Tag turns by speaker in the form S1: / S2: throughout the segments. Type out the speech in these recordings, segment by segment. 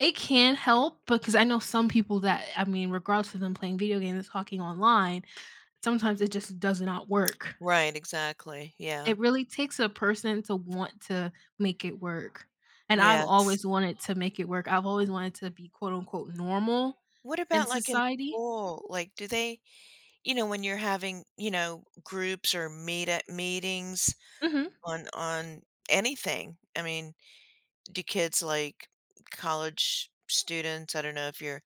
S1: It can help, because I know some people that I mean, regardless of them playing video games and talking online, sometimes it just does not work.
S2: Right, exactly, yeah.
S1: It really takes a person to want to make it work, and I've
S2: Yes.
S1: always wanted to make it work. I've always wanted to be quote unquote "normal"
S2: What
S1: in
S2: about, like, in
S1: society.
S2: school, like, do they you know, when you're having, you know, groups or meet at meetings
S1: Mhm.
S2: on on anything, I mean, do kids, like, college students I don't know if you're,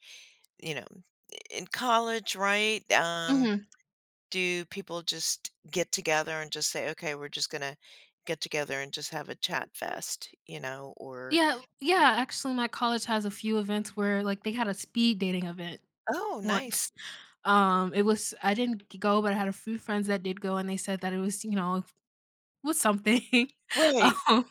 S2: you know, i in college, right? Um,
S1: Mhm.
S2: do people just get together and just say, "Okay, we're just gonna get together and just have a chat fest", you know, or
S1: Yeah yeah, actually my college has a few events where, like, they had a speed dating event
S2: Oh, nice.
S1: once. Um, it was I didn't g go, but I had a few friends that did go and they said that it was, you know it was something,
S2: Right.
S1: um,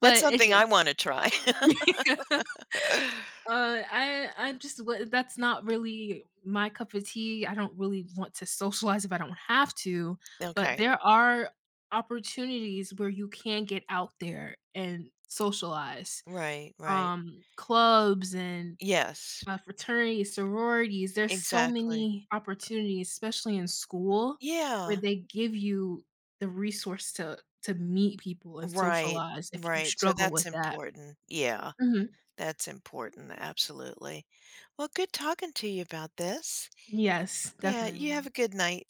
S2: That's
S1: but it
S2: something I
S1: it's
S2: wanna try.
S1: Uh, I I'm just wo that's not really my cup of tea. I don't really want to socialize if I don't have to, but
S2: Okay.
S1: there are opportunities where you can get out there and socialize.
S2: Right, right.
S1: Um, clubs and,
S2: Yes.
S1: uh, fraternities, sororities, there's so
S2: Exactly.
S1: many opportunities, especially in school, where
S2: Yeah.
S1: they give you the resource to to meet people and
S2: Right,
S1: socialize if you
S2: right. So,
S1: struggle
S2: that's
S1: with that.
S2: important. Yeah.
S1: Mhm.
S2: That's important, absolutely. Well, good talking to you about this.
S1: Yes,
S2: Yeah, you have
S1: definitely.
S2: a good night.